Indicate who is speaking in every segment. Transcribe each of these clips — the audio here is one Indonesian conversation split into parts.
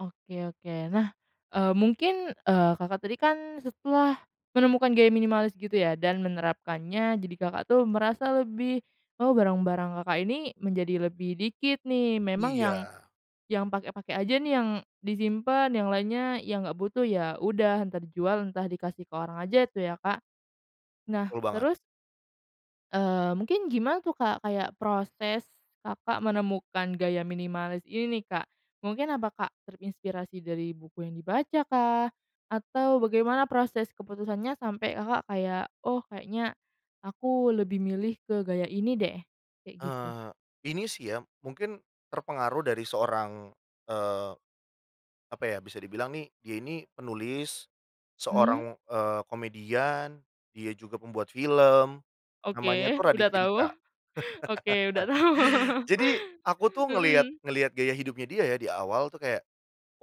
Speaker 1: Oke oke. Nah, eee, mungkin, eee, Kakak tadi kan, setelah menemukan gaya minimalis gitu ya, dan menerapkannya. Jadi Kakak tuh, merasa lebih, "Oh, barang-barang Kakak ini, menjadi lebih dikit nih." Memang yang,
Speaker 2: Iya.
Speaker 1: yang pakai-pakai aja nih, yang disimpen. Yang lainnya, yang nggak butuh, ya udah, entah dijual, entah dikasih ke orang aja tuh, ya, Kak. Nah,
Speaker 2: Betul banget.
Speaker 1: terus Eee, mungkin gimana tuh, Kak, kayak proses, Kakak menemukan gaya minimalis ini nih, Kak. Mungkin apa Kak, terinspirasi dari buku yang dibacakah atau bagaimana proses keputusannya, sampai Kakak kayak, oh kayaknya aku lebih milih ke gaya ini deh, kayak gitu?
Speaker 2: Heeh heeh. Ini sih ya, mungkin terpengaruh dari seorang, eee, apa ya, bisa dibilang nih, dia ini penulis,
Speaker 1: Mmm.
Speaker 2: seorang, eee, komedian, dia juga pembuat film,
Speaker 1: Oke,
Speaker 2: namanya tuh
Speaker 1: udah
Speaker 2: Raditya
Speaker 1: tau.
Speaker 2: Dika.
Speaker 1: Oke, udah tau.
Speaker 2: Jadi, aku tuh ngelihat
Speaker 1: Mhm.
Speaker 2: ngelihat gaya hidupnya dia ya, di awal tuh kayak,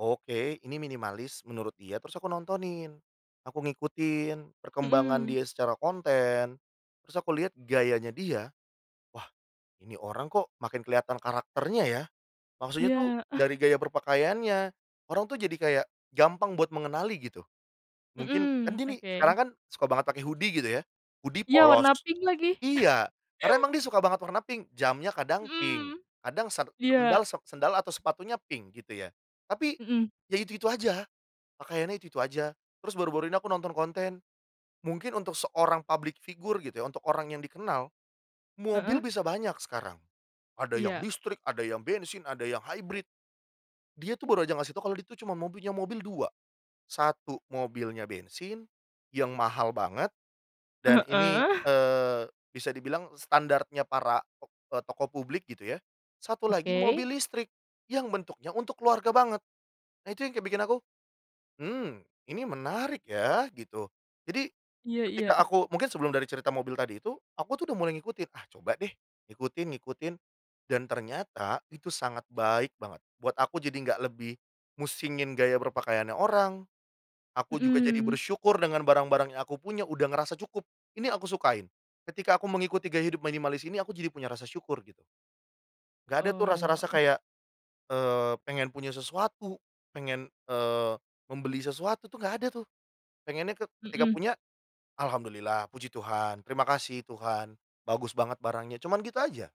Speaker 2: "Oke ini minimalis," menurut dia. Terus aku nontonin, aku ngikutin perkembangan
Speaker 1: Mhm.
Speaker 2: dia secara konten, terus aku lihat gayanya dia, "Wah! Ini orang kok, makin kelihatan karakternya ya," maksudnya tuh,
Speaker 1: Iya. Ah.
Speaker 2: dari gaya berpakaiannya. Orang tuh jadi kayak gampang buat mengenali, gitu. Mungkin kan
Speaker 1: Mhm,
Speaker 2: gini, sekarang
Speaker 1: oke.
Speaker 2: kan, suka banget pake hoodie, gitu ya, hoodie
Speaker 1: Iya, warna
Speaker 2: polos
Speaker 1: pink lagi.
Speaker 2: iya, karena emang dia suka banget warna pink. Jamnya kadang pink,
Speaker 1: Mhm.
Speaker 2: kadang ser
Speaker 1: Iya.
Speaker 2: sendal, se sendal, atau sepatunya pink, gitu ya, Tapi,
Speaker 1: Mhm.
Speaker 2: ya itu-itu aja, pakaiannya itu-itu aja. Terus baru-baru ini aku nonton konten, mungkin untuk seorang public figure gitu ya, untuk orang yang dikenal, mobil
Speaker 1: Heeh.
Speaker 2: bisa banyak sekarang, ada yang
Speaker 1: Iya.
Speaker 2: listrik, yang bensin, ada yang hybrid. Dia tuh baru aja ngasih tau, kalau dia itu cuma mobilnya, mobil 2. Satu mobilnya bensin, yang mahal banget, dan ini,
Speaker 1: Heeh.
Speaker 2: eee, bisa dibilang standarnya para tok eee, tokoh publik, gitu ya, satu lagi
Speaker 1: Oke.
Speaker 2: mobil listrik yang bentuknya untuk keluarga banget. Nah, itu yang kayak bikin aku, "Mmm, ini menarik ya," gitu. Jadi,
Speaker 1: Iya iya.
Speaker 2: ketika aku mungkin sebelum dari cerita mobil tadi itu, aku tuh udah mulai ngikutin. "Ah, coba deh, ikutin, ngikutin," dan ternyata, itu sangat baik banget, buat aku. Jadi nggak lebih musingin gaya berpakaiannya orang, aku juga jadi
Speaker 1: Mhm.
Speaker 2: bersyukur dengan barang-barang yang aku punya, udah ngerasa cukup, ini aku sukain, ketika aku mengikuti gaya hidup minimalis ini, aku jadi punya rasa syukur, gitu. Nggak ada tuh
Speaker 1: Oh,
Speaker 2: rasa-rasa
Speaker 1: Mhm.
Speaker 2: kayak, eee, pengen punya sesuatu, pengen, eee, membeli sesuatu tuh nggak ada, tuh. Pengennya ke ketika
Speaker 1: Mhm.
Speaker 2: punya, alhamdulillah, Puji Tuhan, terima kasih Tuhan, bagus banget barangnya, cuman gitu aja.